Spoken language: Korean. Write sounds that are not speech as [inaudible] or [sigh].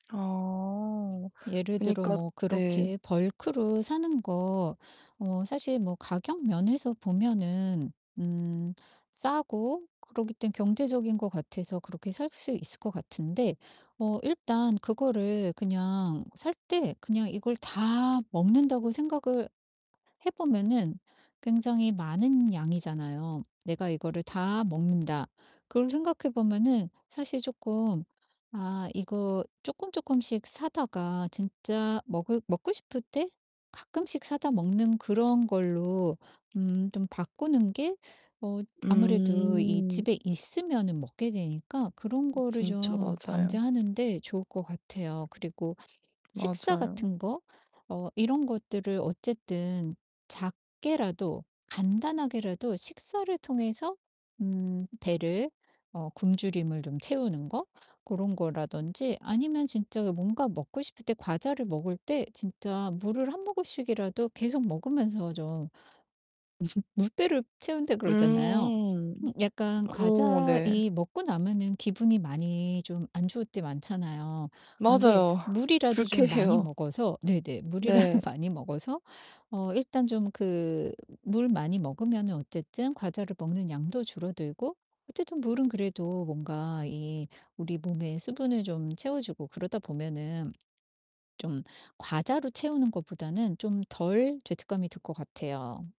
아. 예를 들어 그니까 뭐 네. 그렇게 벌크로 사는 거 어 사실 뭐 가격 면에서 보면은 음 싸고 그러기 때문에 경제적인 것 같아서 그렇게 살 수 있을 것 같은데 어 일단 그거를 그냥 살 때 그냥 이걸 다 먹는다고 생각을 해 보면은 굉장히 많은 양이잖아요. '내가 이거를 다 먹는다.' 그걸 생각해 보면은 사실 쪼끔 아 이거 쪼끔쪼끔씩 사다가 진짜 먹으 먹고 싶을 때 가끔씩 사다 먹는 그런 걸로 음 좀 바꾸는 게 어 아무래도 이 음. 집에 있으면은 먹게 되니까 그런 음 거를 진짜 좀 맞아요. 방제하는데 좋을 것 같아요. 그리고 식사 맞아요. 같은 거 어 이런 것들을 어쨌든 작게라도 간단하게라도 식사를 통해서 음 배를 어 굶주림을 좀 채우는 거 고런 거라든지 아니면 진짜 뭔가 먹고 싶을 때 과자를 먹을 때 진짜 물을 한 모금씩이라도 계속 먹으면서 좀 무슨 [laughs] "물배를 채운다." 그러잖아요. 음. 약간 오 과자 네. 이 먹고 나면은 기분이 많이 좀 안 좋을 때 많잖아요. 근데 맞아요. 물이라도 좀 많이 불쾌해요. 먹어서 네네 물이라도 네. 많이 먹어서 어 일단 좀 그 물 많이 먹으면은 어쨌든 과자를 먹는 양도 줄어들고 어쨌든 물은 그래도 뭔가 이 우리 몸에 수분을 좀 채워 주고 그러다 보면은 좀 과자로 채우는 것보다는 좀 덜 죄책감이 들 것 같아요.